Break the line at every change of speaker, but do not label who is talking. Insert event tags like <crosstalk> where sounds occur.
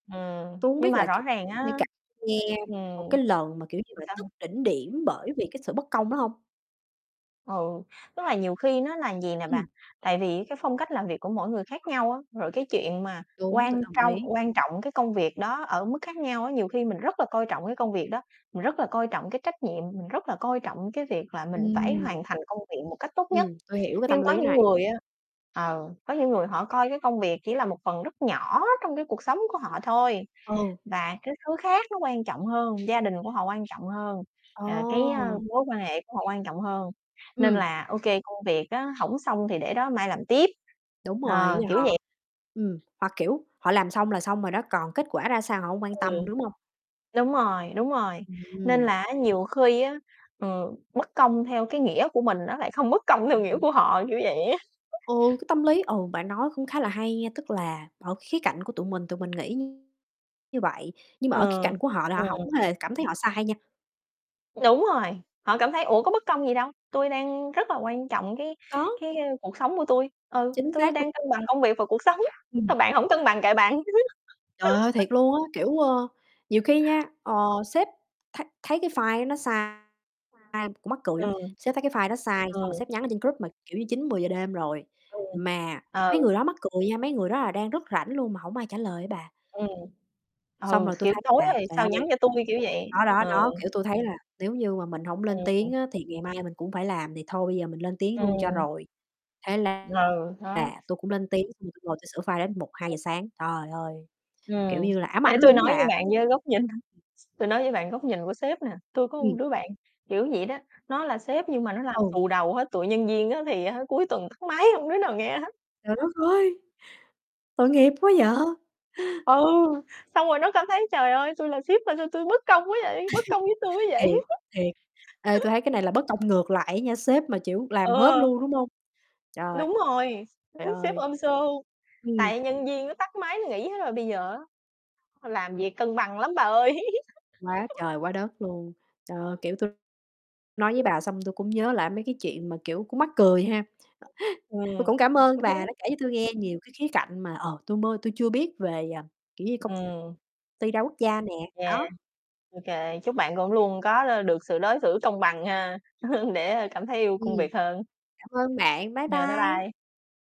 Ừm,
Tui hổng
nhưng
biết
mà
là,
rõ
kiểu
ràng á
như, cả nghe một
ừm.
cái lần mà, kiểu như
<unintelligible>
là,
Sao?
tức đỉnh điểm bởi vì cái sự bất công đó hông?
Ừ, tức là nhiều khi nó là vầy nè bà.
Ừm.
Tại vì cái phong cách làm việc của mỗi người khác nhau á, rồi cái chuyện mà
Đúng, tui
quan
đồng
trong
ý.
quan trọng cái công việc đó ở mức khác nhau á. Nhiều khi mình rất là coi trọng cái công việc đó, mình rất là coi trọng cái trách nhiệm, mình rất là coi trọng cái việc là mình phải
Ừm.
hoàn thành công viện một cách tốt nhất.
Ừm, tôi hiểu cái tâm
Nhưng có
lý
những
này.
người á ờ, có những người họ coi cái công việc chỉ là một phần rất nhỏ trong cái cuộc sống của họ thôi,
Ừ.
và cái thứ khác nó quan trọng hơn, gia đình của họ quan trọng hơn, ờ, cái, ơ,
A!
mối quan hệ của họ quan trọng hơn, nên
Ừm.
là ô kê, công việc á hổng xong thì để đó mai làm tiếp.
Đúng rồi, ý
Ờ,
là
kiểu vậy.
họ ừm, họ, kiểu, họ làm xong là xong rồi đó, còn kết quả ra sao họ hông quan
Ừm.
tâm, đúng hông?
Đúng rồi, đúng rồi, nên
Ừm.
là á, nhiều khi á, ừ, bất công theo cái nghĩa của mình nó lại không bất công theo nghĩa của họ, kiểu vậy á.
Ừ, cái tâm lý ừ, bạn nói cũng khá là hay nha, tức là ở khía cạnh của tụi mình, tụi mình nghĩ như vậy, nhưng mà
Ừ,
ở khía cạnh của họ là
ừ.
họ hông hề cảm thấy họ sai nha.
Đúng rồi, họ cảm thấy, ủa, có bất công gì đâu, tui đang rất là quan trọng cái
Có.
cái cuộc sống của tui. Ừ,
Chính
tui
xác
đang cân
<unintelligible>
bằng công việc và cuộc sống,
Ừm.
ờ, bạn hổng cân bằng kệ bạn.
Trời ơi, thiệt
<chuckles>
luôn á. Kiểu, ơ, nhiều khi nha, ờ, sếp thấy thấy cái file nó sai, ai cũng
<unintelligible>
mắc cười lắm,
Ừ.
sếp thấy cái file đó sai, xong rồi
Ừ.
sếp nhắn ở trên group mà, kiểu như 9:00, 10:00 đêm rồi,
Ừm,
mà mấy
ừ.
người đó mắc cười nha, mấy người đó là đang rất rảnh luôn mà hổng ai trả lời á bà.
Ừm,
Xong
ừ,
rồi tui
kiểu,
thấy
tối
là,
rồi,
trời
sao nhắn
ơi.
cho tui, kiểu vậy.
Đó, đó,
Ừ.
đó, kiểu, tui thấy là nếu như mà mình hổng lên
Ừm, ừm.
tiếng á thì ngày mai mình cũng phải làm, thì thôi bây giờ mình lên tiếng luôn cho
Ừm.
rồi. Thế la
Ừ, đó.
là, tui cũng lên tiếng xong rồi tui ngồi tui sửa file đến một hai
Ừ.
giờ sáng. Trời ơi, kiểu
Ừm,
như là, ám ảnh
để tui
luôn á
nói với
bà.
bạn, với góc nhìn tui nói với bạn góc nhìn của sếp nè. Tui có một
Ừm.
đứa bạn kiểu vậy đó, nó là sếp nhưng mà nó làm
Ừ.
xù đầu hết, tụi nhân viên á, thì á, cuối tuần tắt máy, hông đứa nào nghe hết.
Trời đất
<chuckles>
ơi! Tội nghiệp quá vậy.
Ừ, xong rồi nó cảm thấy, trời ơi! Tui là sếp mà sao tui bất công quá vậy, bất công với tui
<chuckles>
quá
Thiệt,
vậy.
thiệt, ê, tui
<chuckles>
thấy cái này là bất công ngược lại á nha, sếp mà, chiểu, làm hết
Ờ.
luôn, đúng hông? Trời.
Đúng rồi,
Trời
<chuckles> sếp
ơi.
ôm show.
Ừm.
Tại nhân viên nó tắt máy nó nghỉ hết rồi, bây giờ á, làm việc cân bằng lắm bà ơi.
Quá
<chuckles>
trời quá đất luôn! Ờ, kiểu, tui nói với bà xong tui cũng nhớ lại mấy cái chuyện mà, kiểu, cũng mắc cười ha. <chuckles> Tui
Ừm.
cũng cảm ơn bà
<chuckles>
đã kể cho tui nghe nhiều cái khía cạnh mà, ờ, tui mơ tui chưa biết về, ờ, kiểu như, công
Ừm.
ty đa quốc gia nè,
Yeah,
đó.
ô kê, chúc bạn cũng luôn có đ được sự đối xử công bằng ha, <chuckles> để cảm thấy yêu công
Ừm.
việc hơn.
Cảm ơn bạn. Bye
Yeah, bye bye.
bye.